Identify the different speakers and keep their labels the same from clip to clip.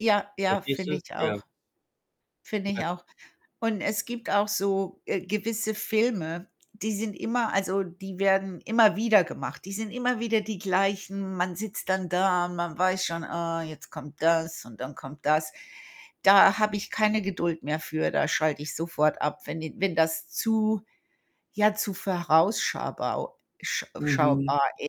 Speaker 1: Ja, ja,
Speaker 2: Verstehst
Speaker 1: finde
Speaker 2: du?
Speaker 1: ich
Speaker 2: Ja.
Speaker 1: auch. Finde ich
Speaker 2: Ja.
Speaker 1: auch, und es gibt auch so, äh, gewisse Filme, die sind immer also, die werden immer wieder gemacht. Die sind immer wieder die gleichen. Man sitzt dann da. Man weiß schon: „Ah, jetzt kommt das, und dann kommt das.“ Da habe ich keine Geduld mehr für. Da schalte ich sofort ab, wenn die wenn das zu, ja zu vorausschabau sch
Speaker 2: Mhm.
Speaker 1: schaubar i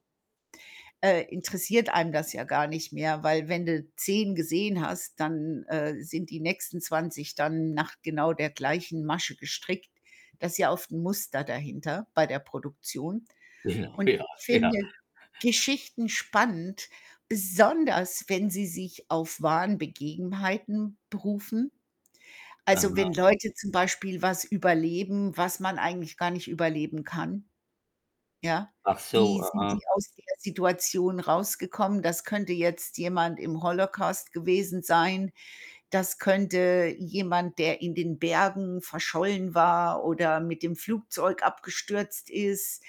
Speaker 1: äh, interessiert einem das ja gar nicht mehr. Weil, wenn du 10 gesehen hast, dann, äh, sind die nächsten 20 dann nach genau der gleichen Masche gestrickt. Da ist ja oft 'n Muster dahinter, bei der Produktion
Speaker 2: Ja,
Speaker 1: und
Speaker 2: ja,
Speaker 1: ich
Speaker 2: ja.
Speaker 1: finde ja Geschichten spannend, besonders wenn sie sich auf wahren Begebenheiten berufen. Also, wenn
Speaker 2: Aha.
Speaker 1: Leute zum Beispiel was überleben, was man eigentlich gar nicht überleben kann. Ja.
Speaker 2: Ach
Speaker 1: Wie
Speaker 2: so,
Speaker 1: sind
Speaker 2: aha.
Speaker 1: die aus der Situation rausgekommen? Das könnte jetzt jemand im Holocaust gewesen sein. Das könnte jemand, der in den Bergen verschollen war, oder mit dem Flugzeug abgestürzt ist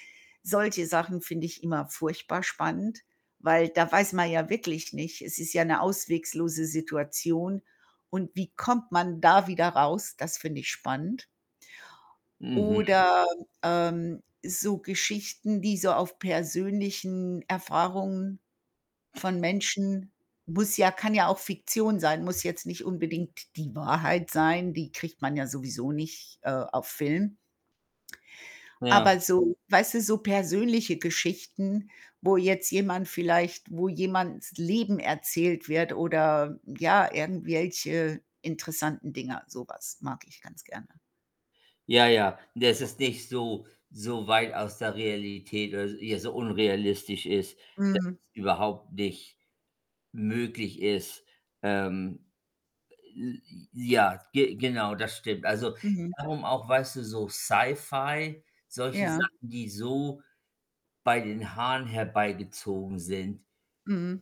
Speaker 1: solche Sachen finde ich immer furchtbar spannend, weil da weiß man ja wirklich nicht es ist ja 'ne ausweglose Situation und wie kommt man da wieder raus? Das finde ich spannend.
Speaker 2: Mhm.
Speaker 1: Oder, ähm, so Geschichten, die so auf persönlichen Erfahrungen von Menschen muss ja kann ja auch Fiktion sein, muss jetzt nicht unbedingt die Wahrheit sein, die kriegt man ja sowieso nicht, äh, auf Film.
Speaker 2: Ja.
Speaker 1: Aber so weißt du, so persönliche Geschichten, wo jetzt jemand vielleicht wo jemandes Leben erzählt wird oder, ja, irgendwelche interessanten Dinger. So was mag ich ganz gerne.
Speaker 2: Ja, ja. Das ist nicht so so weit aus der Realität, oder ja, so unrealistisch ist, dass
Speaker 1: Mhm.
Speaker 2: es überhaupt nicht möglich ist. Ähm, j j ja, ge genau, das stimmt. Also,
Speaker 1: Mhm.
Speaker 2: darum auch, weißt du, so Sci-Fi, solche
Speaker 1: Ja.
Speaker 2: Sachen, die so bei den Haaren herbeigezogen sind.
Speaker 1: Mhm.